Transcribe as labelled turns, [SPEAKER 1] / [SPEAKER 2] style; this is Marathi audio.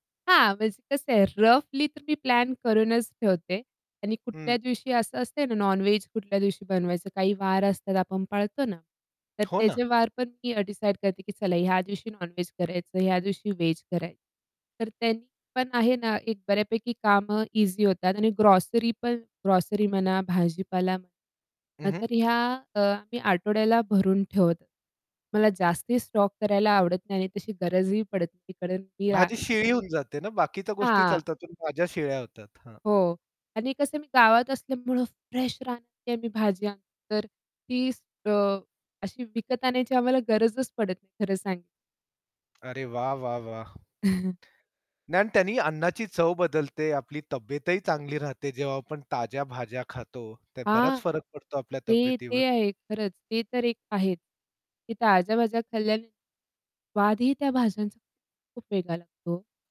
[SPEAKER 1] हां. म्हणजे कसं आहे रफली तर मी प्लॅन करूनच ठेवते. आणि कुठल्या
[SPEAKER 2] हं.
[SPEAKER 1] दिवशी असं असते ना, नॉनवेज कुठल्या दिवशी बनवायचं काही वार असतात आपण पाळतो ना? तर
[SPEAKER 2] हो ना.
[SPEAKER 1] त्याचे वार पण मी डिसाईड करते, की चला ह्या दिवशी नॉनवेज करायचं, ह्या दिवशी वेज कराय तर त्यानी पण आहे ना एक बऱ्यापैकी कामं इझी होतात आणि ग्रोसरी पण ग्रोसरी म्हणा भाजीपाला
[SPEAKER 2] हं,
[SPEAKER 1] म्हणा
[SPEAKER 2] हं.
[SPEAKER 1] तर ह्या अ, मी आठवड्याला भरून ठेवते मला जास्ती स्टॉक करायला आवडत नाही आणि तशी गरजही पडत नाही. कारण की आ
[SPEAKER 2] भाजी शिळी होऊन जाते ना. बाकीच्या गोष्टी
[SPEAKER 1] हां.
[SPEAKER 2] चालतात, पण भाज्या शिळ्या होतात. हां
[SPEAKER 1] हो. आणि कसं आहे मी गावात असल्यामुळं फ्रेश रानातली आम्ही भाज्या तर ती अ, अशी विकत आणण्याची आम्हाला गरजच पडत नाही, खरं सांग
[SPEAKER 2] अरे वाह! वाह! वाह! नाही आणि त्यांनी अन्नाची चव बदलते. आपली तब्येतही चांगली राहते, जेव्हा आपण ताज्या भाज्या खातो, त्यात बराच
[SPEAKER 1] हां.
[SPEAKER 2] फरक पडतो आपल्या
[SPEAKER 1] ते,
[SPEAKER 2] तब्येतीवर.
[SPEAKER 1] ते आहे खरंच. ते तर एक आहे, की ताज्या भाज्या खाल्ल्याने, स्वादही त्या भाज्यांचा खूप वेगळा लागतो.